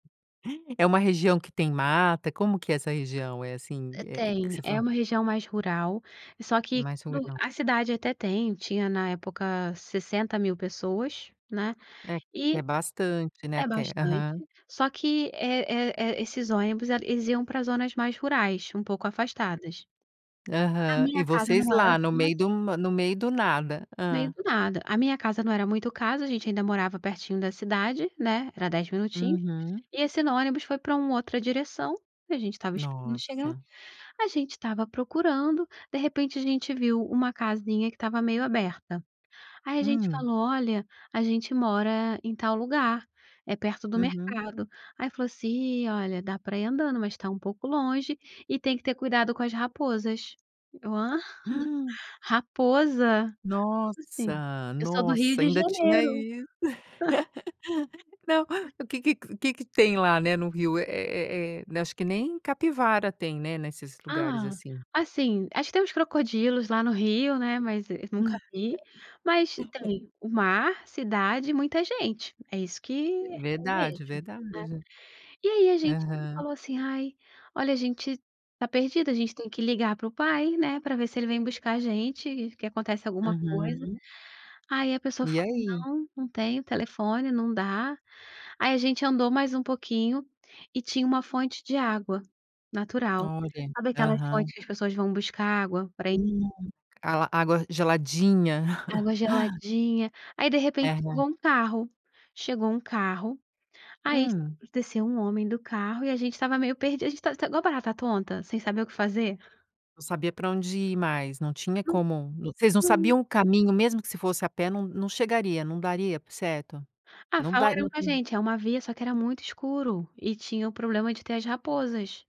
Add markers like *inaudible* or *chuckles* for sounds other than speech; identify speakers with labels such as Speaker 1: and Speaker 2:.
Speaker 1: É uma região que tem mata, como que é essa região? É assim,
Speaker 2: Eh,
Speaker 1: é que
Speaker 2: tem.
Speaker 1: você
Speaker 2: É
Speaker 1: fala
Speaker 2: uma região mais rural, só que
Speaker 1: Mais
Speaker 2: tudo
Speaker 1: rural.
Speaker 2: a cidade até tem tinha na época 60.000 pessoas, né,
Speaker 1: É, é
Speaker 2: e
Speaker 1: bastante, né,
Speaker 2: É
Speaker 1: até.
Speaker 2: bastante,
Speaker 1: Aham.
Speaker 2: só que, é é é esses ônibus, eh, eles iam para zonas mais rurais, um pouco afastadas. A
Speaker 1: Aham, e
Speaker 2: minha casa
Speaker 1: vocês
Speaker 2: não era
Speaker 1: lá no
Speaker 2: *unintelligible*
Speaker 1: meio do no meio do nada.
Speaker 2: Meio
Speaker 1: Hã.
Speaker 2: do nada. A minha casa não era muito o caso, a gente ainda morava pertinho da cidade, né, era 10 minutinhos,
Speaker 1: Uhum.
Speaker 2: e assim no ônibus, foi para uma outra direção. A gente estava esperando chegar.
Speaker 1: Nossa.
Speaker 2: A gente estava procurando, de repente, a gente viu uma casinha que estava meio aberta. Aí, a gente
Speaker 1: Hum.
Speaker 2: falou: "Olha, a gente mora em tal lugar, é perto do
Speaker 1: Uhum.
Speaker 2: mercado". Aí, falou assim: "Ih, olha, dá pra ir andando, mas tá um pouco longe e tem que ter cuidado com as raposas." Eu: "Hã?
Speaker 1: *gasps*
Speaker 2: Raposa?" Como assim?
Speaker 1: Nossa!
Speaker 2: Eu sou do Rio
Speaker 1: Nossa,
Speaker 2: de
Speaker 1: ainda tinha
Speaker 2: Janeiro.
Speaker 1: isso. *laughs* Não.
Speaker 2: *chuckles*
Speaker 1: O que que que que tem lá, né, no Rio? Eh eh eh, acho que nem capivara tem, né? Nesses lugares
Speaker 2: Ah,
Speaker 1: assim.
Speaker 2: assim, acho que temos crocodilos, lá no Rio, né, mas eu nunca vi. Mas,
Speaker 1: *laughs*
Speaker 2: tem o mar, cidade e muita gente. É isso que eu vejo,
Speaker 1: Verdade,
Speaker 2: né?
Speaker 1: verdade.
Speaker 2: E aí a gente
Speaker 1: Aham.
Speaker 2: falou assim: "Ai, olha, a gente tá perdido, a gente tem que ligar para o pai, né, para ver se ele vem buscar a gente e que acontece alguma coisa".
Speaker 1: Uhum.
Speaker 2: Aí a pessoa
Speaker 1: E
Speaker 2: falou:
Speaker 1: aí?
Speaker 2: "Não, não tenho telefone, não dá". Aí, a gente andou mais um pouquinho e tinha uma fonte de água natural.
Speaker 1: Olha,
Speaker 2: Sabe aquela
Speaker 1: aham.
Speaker 2: fonte que as pessoas vão buscar água para ir
Speaker 1: Hum, a água geladinha. *chuckles*
Speaker 2: Água geladinha. Aí, de repente, chegou
Speaker 1: Aham.
Speaker 2: um carro chegou um carro. Ai, sa
Speaker 1: Hum.
Speaker 2: desceu um homem do carro e a gente estava meio perdidos, a gente estava estava igual barata tonta, sem saber o que fazer.
Speaker 1: Não sabia para onde ir mais, não tinha como. Vocês não
Speaker 2: *unintelligible*
Speaker 1: sabiam o caminho, mesmo que se fosse a pé, não não chegaria, não daria, certo?
Speaker 2: Ah,
Speaker 1: Não dária
Speaker 2: falaram com a
Speaker 1: *unintelligible*
Speaker 2: gente. É uma via, só que era muito escuro, e tinha o problema de ter as raposas.